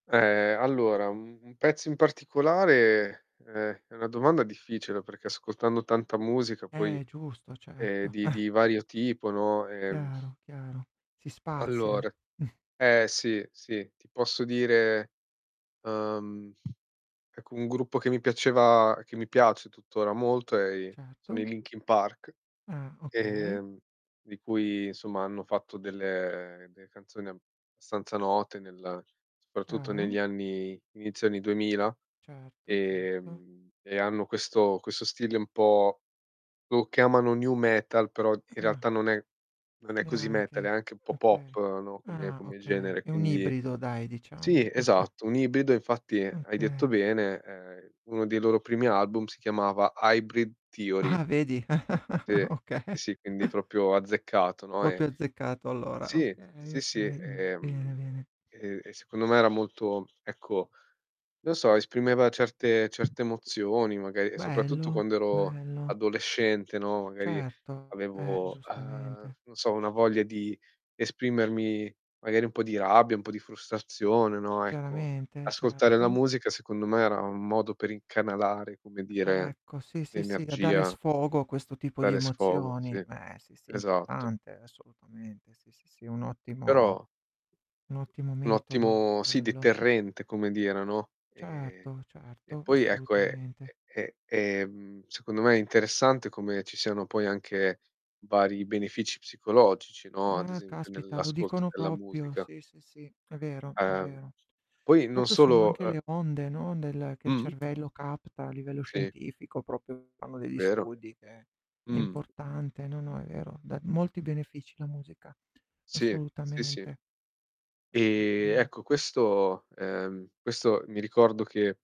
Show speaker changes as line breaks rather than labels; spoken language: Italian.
Ehm, allora u un pezzo in particolare, ehm, è una domanda difficile perché ascoltando tanta musica poi,
Eh, giusto
ehm,
certo.
di di vario tipo, no, ehm
Chiaro chiaro, si spazia.
Allora eh, sì, sì, ti posso dire, ehm ecco un gruppo che mi piaceva che mi piace tuttora molto è i sono i
Certo.
Linkin Park,
Ah, okay.
ehm, di cui insomma hanno fatto delle delle canzoni abbastanza note nel soprattutto negli
Chiaro.
anni inizio anni 2000
Certo, certo.
ehm, e hanno questo questo stile un po' lo chiamano "nu metal", però in
Ah.
realtà non è non è così metal,
Neanche,
anche un po' pop,
okay.
no, come
Ah
come
okay,
genere,
è un
quindi
ibrido, dai,
sì
diciamo.
esatto, un ibrido, infatti hai
Okay.
detto bene, ehm, uno dei loro primi album si chiamava "Hybrid Theory".
Ah, vedi?
Sì,
Okay.
sì, quindi proprio azzeccato, no, e
Proprio azzeccato allora.
Sì,
Okay,
sì, sì
okay, mh,
e,
bene,
mhmm,
bene.
e e secondo me era molto, ecco, non so esprimeva certe certe emozioni magari e soprattutto
Bello,
quando ero
bello.
adolescente, no, magari
Certo, eh,
avevo, uhm,
giustamente.
non so una voglia di esprimermi magari un po' di rabbia, un po' di frustrazione, no, ecco
Chiaramente,
ascoltare la
certo.
musica secondo me era un modo per incanalare, come dire,
Ecco, sì, sì, sì, a dare
l'energia
sfogo a questo tipo di
Dare sfogo, sì,
emozioni, ehm, sì, sì, è
esatto.
importante, assolutamente, sì, sì, sì, è un ottimo
Però
un ottimo
Un
metodo
ottimo sì,
quello.
deterrente come dire, no. Ehm,
Certo,
e
certo,
poi ecco è
assolutamente.
è è è, mhmm, secondo me interessante come ci siano poi anche vari benefici psicologici, no, ad
Ah,
esempio
caspita lo
nell'ascolto
dicono
della
proprio,
musica.
sì, sì, sì, è vero, è
Uhm.
vero.
Poi non
Proprio sono
solo,
anche
uhm
le onde, no, nel che il
Mh-mh.
cervello capta, a livello
Sì.
scientifico proprio fanno degli
Vero.
studi che è
Mh.
importante, no, no è vero. Dà molti benefici la musica.
Sì, sì, sì.
Assolutamente.
E
Assolutamen
ecco questo ehm, questo mi ricordo che